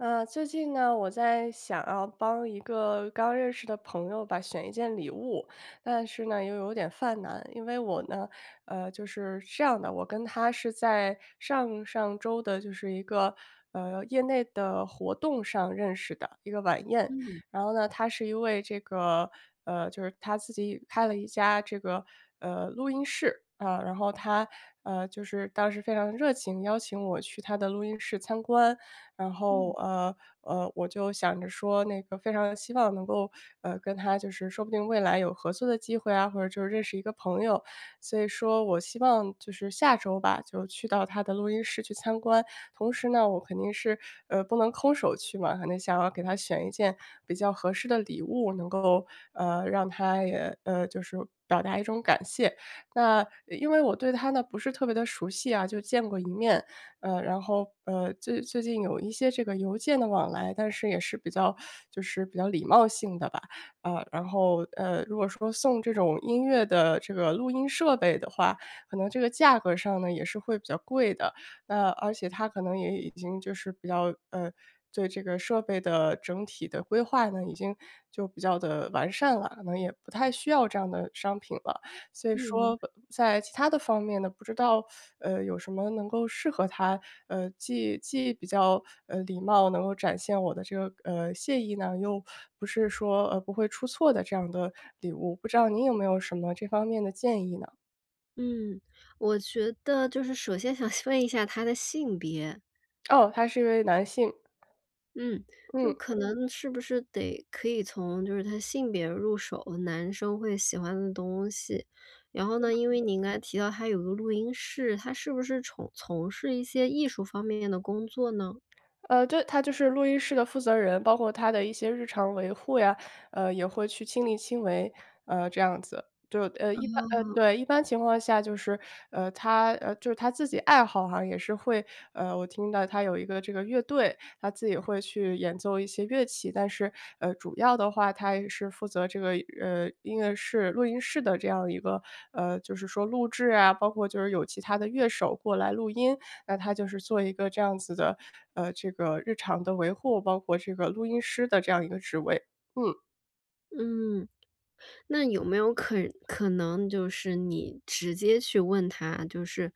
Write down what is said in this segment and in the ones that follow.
呃，最近呢，我在想要帮一个刚认识的朋友吧，选一件礼物。但是呢，又有点犯难，因为我呢呃，就是这样的，我跟他是在上上周的，就是一个，呃，业内的活动上认识的，一个晚宴。嗯。然后呢，他是一位这个呃，就是他自己开了一家这个，呃，录音室。嗯，然后他，嗯，就是当时非常热情邀请我去他的录音室参观。然后，嗯。呃呃，我就想着说那个非常希望能够，呃，跟他就是说不定未来有合作的机会啊，或者就认识一个朋友。所以说我希望就是下周吧，就去到他的录音室去参观。同时呢，我肯定是，呃，不能空手去嘛，可能想要给他选一件比较合适的礼物，能够，呃，让他也呃，就是表达一种感谢。那，呃，因为我对他呢，不是特别地熟悉啊，就见过一面。呃，然后，呃，最最近有一些这个邮件的往来，但是也是比较 就是比较礼貌性的吧。呃，然后，呃，如果说送这种音乐的这个录音设备的话，可能这个价格上呢，也是会比较贵的。那，而且他可能也已经就是比较呃，对这个设备的整体的规划呢，已经就比较地完善了，可能也不太需要这样的商品了。所以嗯，明说白。在其他的方面呢，不知道，呃，有什么能够适合他，呃，既既比较，呃，礼貌能够展现我的这个，呃，谢意呢？又不是说，呃，不会出错的这样的礼物。不知道您有没有什么这方面的建议呢？嗯，我觉得就是首先想问一下他的性别。哦，他是一位男性。嗯，就嗯。可能是不是得可以从就是他性别入手，男生会喜欢的东西。然后呢，因为嗯。您刚才提到他有个录音室，他是不是重从事一些艺术方面的工作呢？呃，对，他就是录音室的负责人，包括他的一些日常维护呀，呃，也会去亲力亲为，呃，这样子。对，呃，一般呃，嗯。对，一般情况下就是呃，他呃，就是他自己爱好啊也是会呃，我听到他有一个这个乐队，他自己也会去演奏一些乐器。但是，呃，主要的话，他也是负责这个，呃，音乐室录音室的这样一个呃，就是说录制啊，包括就是有其他乐手过来录音。那他就是做一个这样子的，呃，这个日常的维护，包括这个录音师的这样一个职位。嗯。嗯，那有没有可可能就是你直接去问他。就是，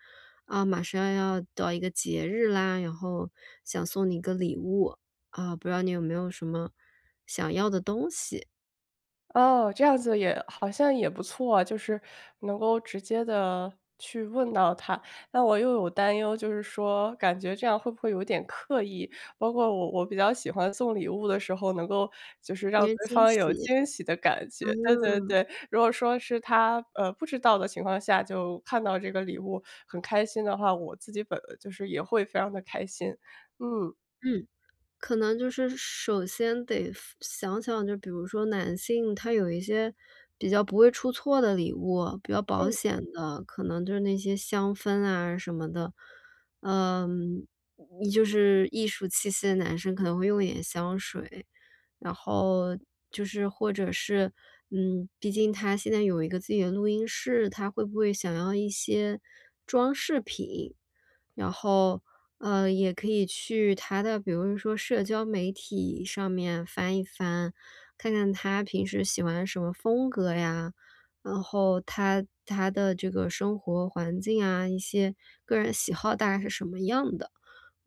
啊，马上要到一个节日啦，然后想送你一个礼物，啊，不知道你有没有什么想要的东西。哦，这样子也好像也不错啊，就是，能够直接地去问到他。那我又有担忧，就是说感觉这样会不会有点刻意？包括我我比较喜欢送礼物的时候，能够就是让 [unintelligible] 对惊方有喜。惊喜的感觉。对对啊。对，如果说是他，呃，不知道的情况下就看到这个礼物，很开心的话，我自己本就是也会非常地开心。嗯。嗯，可能就是首先得分想想就比如说男性他有一些，比较不会出错的礼物，比较保嗯。险的，可能就是那些香氛啊什么的。呃，就是艺术气息的男生可能会用一点香水。然后，就是或者是嗯，毕竟他现在有一个自己的录音室，他会不会想要一些装饰品？然后，呃，也可以去他的比如说社交媒体上面翻一翻，看看他平时喜欢什么风格呀，然后他他的这个生活环境啊，一些个人喜好大概是什么样的。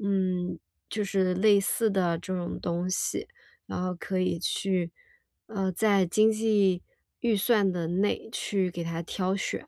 嗯，就是类似的这种东西，然后可以去呃，在经济预算的内去给他挑选。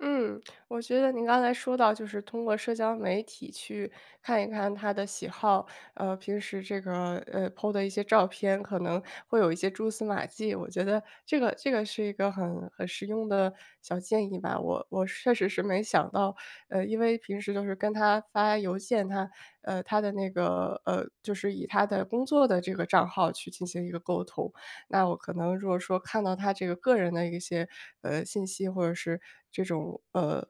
嗯，我觉得您刚才说到就是通过社交媒体去看一看他的喜好，呃，平时这个，呃，po 的一些照片可能会有一些蛛丝马迹，我觉得这个这个是一个很很实用的小建议吧。我我确实是没想到。呃，因为平时都是跟他发邮件他呃，他的那个呃，就是以他的工作的这个账号去进行一个沟通。那我可能如果说看到他这个个人的一些，呃，信息，或者是这种，呃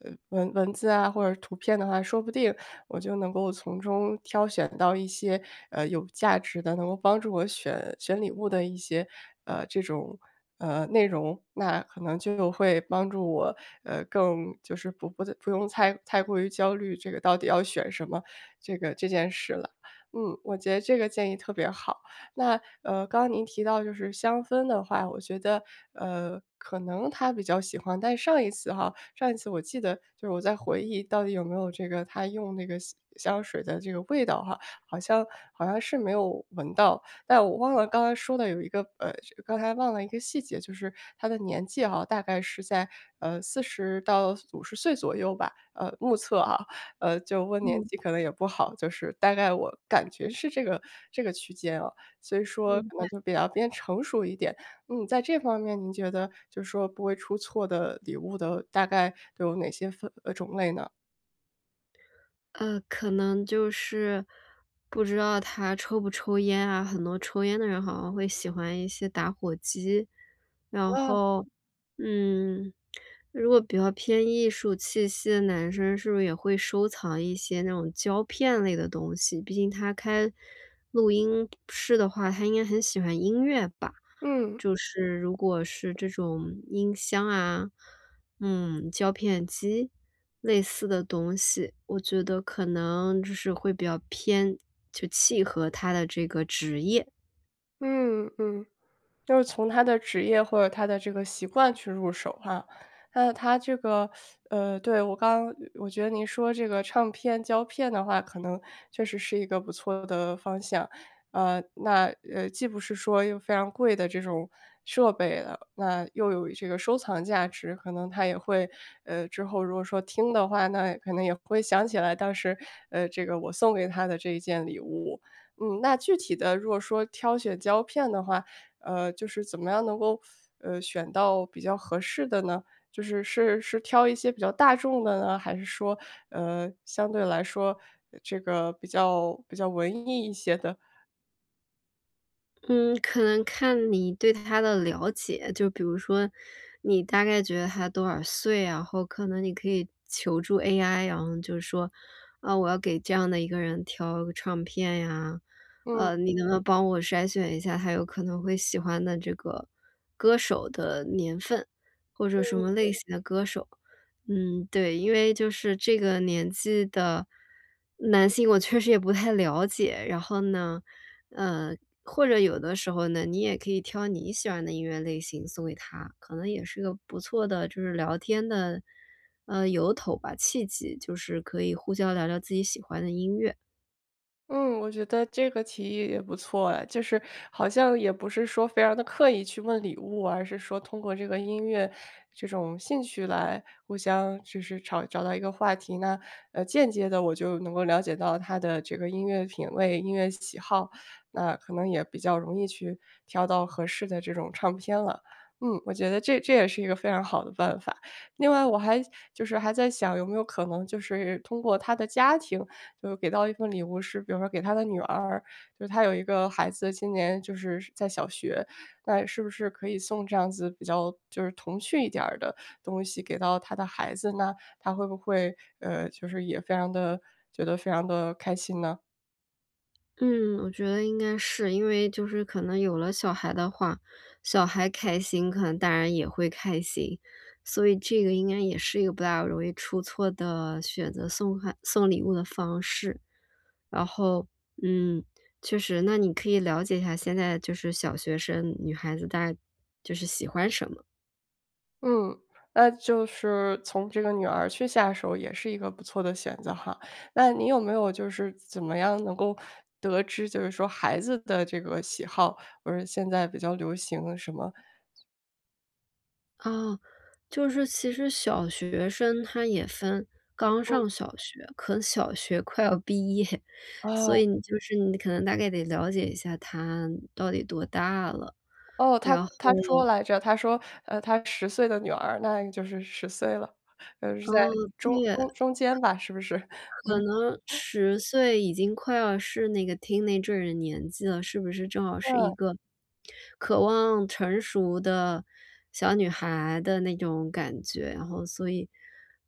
呃，文文字啊或者图片的话，说不定我就能够从中挑选到一些，呃，有价值的，能够帮助我选选礼物的一些，呃，这种，呃，内容。那可能就会帮助我，呃，更就是不不用太太过于焦虑这个到底要选什么，这个这件事了。嗯，我觉得这个建议特别好，那，呃，刚刚您提到就是香氛的话，我觉得，呃，可能他比较喜欢，但上一次哈，上一次我记得就是我在回忆到底有没有这个，他用那个香香水的这个味道哈，好像好像是没有闻到。但我忘了刚刚说的有一个呃，刚才忘了一个细节，就是他的年纪啊，大概是在，呃，40到50岁左右吧，呃，目测啊。呃，就问年嗯。纪可能也不好，就是大概我感觉是这个这个区间啊，所以说明可能白。就比较偏成熟一点。嗯，在这方面您觉得就说不会出错的礼物的大概有哪些分呃，种类呢？呃，可能就是不知道他抽不抽烟啊，很多抽烟的人好像会喜欢一些打火机。然嗯。后，嗯，如果比较偏艺术气息的男生，是不是也会收藏一些那种胶片类的东西。毕竟他开录音室的话，他应该很喜欢音乐吧，嗯。就是如果是这种音箱啊，嗯，胶片机？类似的东西，我觉得可能就是会比较偏就契合他的这个职业。嗯，嗯，就是从他的职业，或者他的这个习惯去入手哈。那他这个 呃，对，我刚我觉得你说这个唱片、胶片的话，可能确实是一个不错的方向。呃，那，呃，既不是说又非常贵的这种设备了，那又有这个收藏价值。可能他也会呃，之后如果说听的话，那可能也会想起来，当时，呃，这个我送给他的这件礼物。嗯，那具体的如果说挑选胶片的话，呃，就是怎么样能够，呃，选到比较合适的呢？就是，是是挑一些比较大众的呢，还是说，呃，相对来说这个比较比较文艺一些的？嗯。可能看你对他的了解，就比如说你大概觉得他多少岁。然后可能你可以求助 AI，然后就说：“嗯，我要给这样的一个人挑唱片呀，嗯。呃，你能不能帮我筛选一下他有可能会喜欢的这个歌手的年份，或者什嗯。么类型的歌手。”嗯，对，因为就是这个年纪的男性，我确实也不太了解。然后呢，嗯，或者有的时候呢，你也可以挑你喜欢的音乐类型送给他，可能也是一个不错的，就是聊天的呃，由头吧，契机，就是可以互相聊聊自己喜欢的音乐。嗯，我觉得这个提议也不错哎。就是好像也不是说非常地刻意去问礼物，而是说通过这个音乐，这种兴趣来互相就是找找到一个话题，那，呃，间接地我就能够了解到他的这个音乐品味，音乐喜好。那可能也比较容易去挑到合适的这种唱片了。嗯，我觉得这这也是一个非常好的办法。另外我还就是还在想，有没有可能就是通过他的家庭，就给到一份礼物是比如说给他的女儿，就他有一个孩子，今年就是在小学，那是不是可以送这样子比较就是童趣一点儿的东西，给到他的孩子呢？他会不会，呃，就是也非常地觉得非常地开心呢？嗯，我觉得应该是，因为就是可能有了小孩的话，小孩开心可能大人也会开心。所以这个应该也是一个不大容易出错的，选择送孩送礼物的方式。然后，嗯，确实，那你可以了解一下现在就是小学生女孩子大就是喜欢什么？嗯，那就是从这个女儿去下手也是一个不错的选择哈。那你有没有就是怎么样能够，得知就是说孩子的这个喜好？不是现在比较流行什么？啊，就是其实小学生她也分刚嗯。上小学可能小学快要毕业，所哦。以你就是你可能大概得了解一下她到底多大了。哦，他然后他说来着。他说，呃，他10岁的女儿，那就是10岁了。呃，是在哦，中对。中中间吧，是不是？可嗯。能 10岁已经快要是那个 teenager 的年纪了，是不是正好是嗯。一个，渴望成熟的，小女孩的那种感觉？然后所以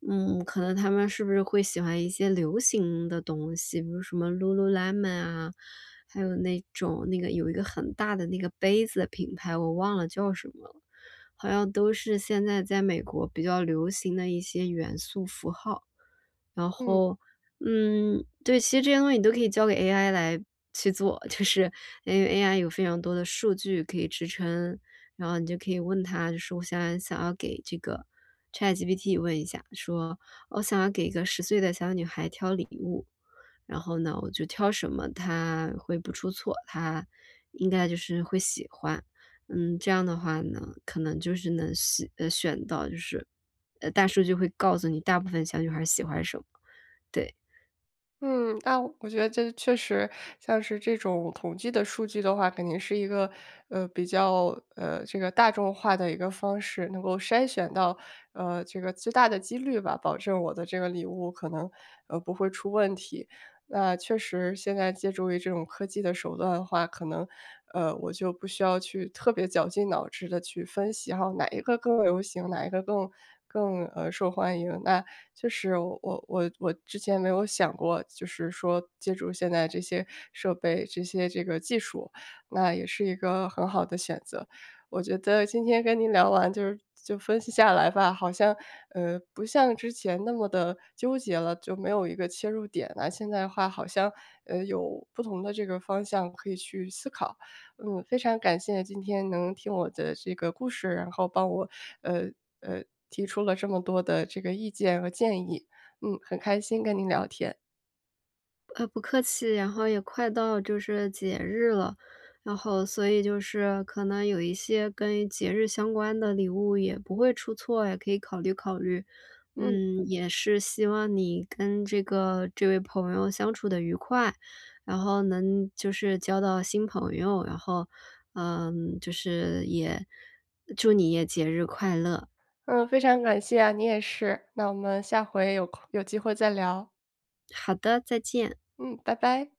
嗯，可能她们是不是会喜欢一些流行的东西？比如什么 Lululemon 啊，还有那种，那个有一个很大的那个杯子的品牌，我忘了叫什么了，好像都是现在在美国比较流行的一些元素符号。然嗯。后，嗯，对，其实这些东西你都可以交给 AI 来去做。就是因为 AI 有非常多的数据可以支撑，然后你就可以问它，就是我想想要给这个 ChatGPT 问一下，说：“我想要给一个10岁的小女孩挑礼物，然后呢我就挑什么她会不出错？她应该就是会喜欢。“嗯，这样的话呢，可能就是能选呃，选到就是呃，大数据就会告诉你大部分小女孩儿喜欢什么。对。嗯。那我觉得这确实，像是这种统计的数据的话，肯定是一个，呃，比较，呃，这个大众化的一个方式，能够筛选到，呃，这个最大的几率吧，保证我的这个礼物可能，呃，不会出问题。那确实现在借助于这种科技的手段的话，可能，呃，我就不需要去特别绞尽脑汁地去分析，然后哪一个更流行，哪一个更更，呃，受欢迎。那确实我我我之前没有想过就是说借助现在这些设备，这些这个技术，那也是一个很好的选择。我觉得今天跟您聊完就就分析下来吧，好像，呃，不像之前那么地纠结了，就没有一个切入点呐。现在的话好像，呃，有不同的这个方向可以去思考。嗯，非常感谢今天能听我的这个故事，然后帮我，呃，呃，提出了这么多的这个意见和建议。嗯，很开心跟您聊天。呃，不客气。然后也快到就是节日了，然后，所以就是可能有一些跟节日相关的礼物也不会出错，也可以考虑考虑。嗯。嗯，也是希望你跟这个这位朋友相处得愉快，然后能就是交到新朋友，然后，嗯，就是也祝你也节日快乐。嗯，非常感谢啊。你也是，那我们下回有空有机会再聊。好的，再见。嗯，拜拜。